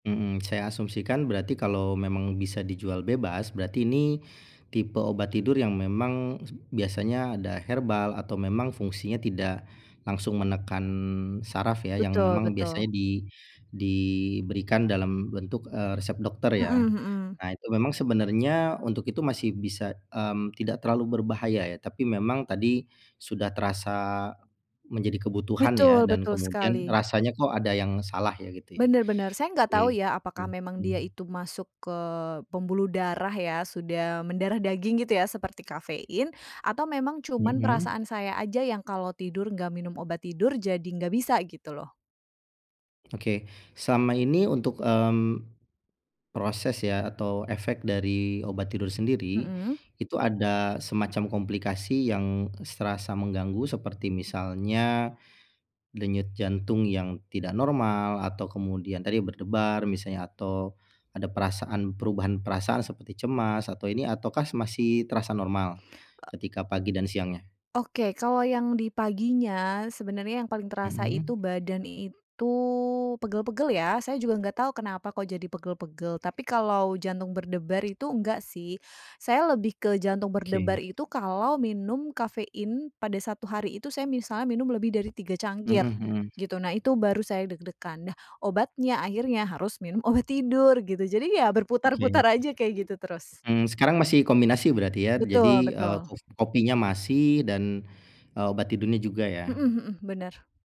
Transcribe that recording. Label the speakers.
Speaker 1: Mhm, saya asumsikan, berarti kalau memang bisa dijual bebas, berarti ini tipe obat tidur, yang memang biasanya ada herbal, atau memang fungsinya tidak langsung menekan syaraf, ya. Yang
Speaker 2: Betul
Speaker 1: memang
Speaker 2: betul.
Speaker 1: biasanya di diberikan dalam bentuk, eee, resep dokter, ya.
Speaker 2: Mhm mhm.
Speaker 1: Nah, itu memang sebenarnya, untuk itu masih bisa, mmm, tidak terlalu berbahaya, ya. Tapi memang tadi sudah terasa menjadi kebutuhan, ya
Speaker 2: Betul
Speaker 1: dan
Speaker 2: betul
Speaker 1: kemudian,
Speaker 2: sekali.
Speaker 1: rasanya kok ada yang salah ya, gitu ya.
Speaker 2: Benar benar. Saya nggak tau
Speaker 1: Oke,
Speaker 2: ya? Apakah memang dia
Speaker 1: mhm.
Speaker 2: itu masuk ke pembuluh darah, ya. Sudah mendarah daging gitu, ya? Seperti kafein. Atau memang, cuma
Speaker 1: Mhm.
Speaker 2: perasaan saya aja, yang kalo tidur nggak minum obat tidur, jadi nggak bisa gitu loh.
Speaker 1: Oke, selama ini untuk, mmm, proses ya, atau efek dari obat tidur sendiri,
Speaker 2: Mhm.
Speaker 1: itu ada semacam komplikasi yang serasa mengganggu, seperti misalnya denyut jantung yang tidak normal, atau kemudian tadi berdebar, misalnya. Atau ada perasaan perubahan perasaan, seperti cemas, atau ini. Ataukah mas masih terasa normal,
Speaker 2: E
Speaker 1: ketika pagi dan siangnya?
Speaker 2: Oke, kalau yang di paginya, sebenarnya yang paling terasa
Speaker 1: Mhm.
Speaker 2: itu, badan itu pegel-pegel, ya. Saya juga nggak tahu, kenapa kok jadi pegel-pegel? Tapi kalau jantung berdebar, itu enggak sih. Saya lebih ke jantung
Speaker 1: Oke.
Speaker 2: berdebar itu, kalau minum kafein, pada 1 hari itu, saya misalnya minum lebih dari 3
Speaker 1: Mhm
Speaker 2: cangkir,
Speaker 1: mhm.
Speaker 2: gitu. Nah itu, baru saya deg-degan. Nah, obatnya akhirnya, harus minum obat tidur, gitu. Jadi ya,
Speaker 1: Oke.
Speaker 2: berputar-putar aja kayak gitu terus.
Speaker 1: Mmm, sekarang masih kombinasi, berarti ya?
Speaker 2: Betul
Speaker 1: Jadi, eee,
Speaker 2: betul.
Speaker 1: kof kopinya masih, dan, eee, obat tidurnya juga ya?
Speaker 2: Mhm mhm, benar.